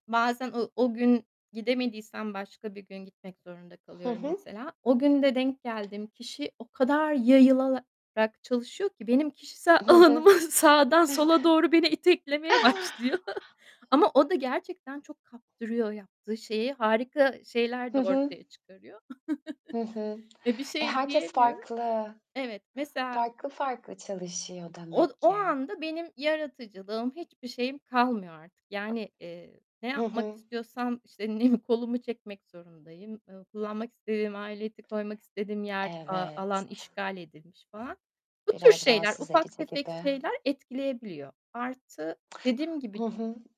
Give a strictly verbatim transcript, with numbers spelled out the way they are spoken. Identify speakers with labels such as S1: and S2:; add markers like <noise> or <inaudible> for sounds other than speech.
S1: Bazen ı o gün gidemediysem başka bir gün gitmek zorunda
S2: Hı
S1: kalıyorum
S2: hı.
S1: mesela. O gün de denk geldiğim kişi o kadar yayılalarak çalışıyor ki, benim kişisel
S2: Hı hı.
S1: alanımı Sağdan sola
S2: <chuckles>
S1: doğru beni iteklemeye başlıyor. <chuckles> Ama o da gerçekten çok kaptırıyor yaptığı şeyi. Harika şeyler de
S2: Hı hı.
S1: ortaya çıkarıyor.
S2: Hı hı.
S1: <chuckles> E, bir
S2: E,
S1: şey
S2: herkes
S1: diyemiyorum.
S2: farklı.
S1: Evet, mesela
S2: Farklı farklı çalışıyor
S1: Od
S2: demek
S1: o
S2: ki.
S1: anda benim yaratıcılığım, hiçbir şeyim kalmıyor artık. Yani, eee, ne
S2: Hı
S1: yapmak
S2: hı.
S1: istiyorsam, işte, <unintelligible> kolumu çekmek zorundayım. Iıı, kullanmak istediğim aleti koymak istediğim yer, aaa,
S2: Evet.
S1: alan işgal edilmiş falan. Bu tür
S2: Biraz
S1: şeyler
S2: rahatsız
S1: ufak
S2: edici
S1: tefek
S2: gibi.
S1: şeyler etkileyebiliyor. Artı, dediğim gibi
S2: Hı hı.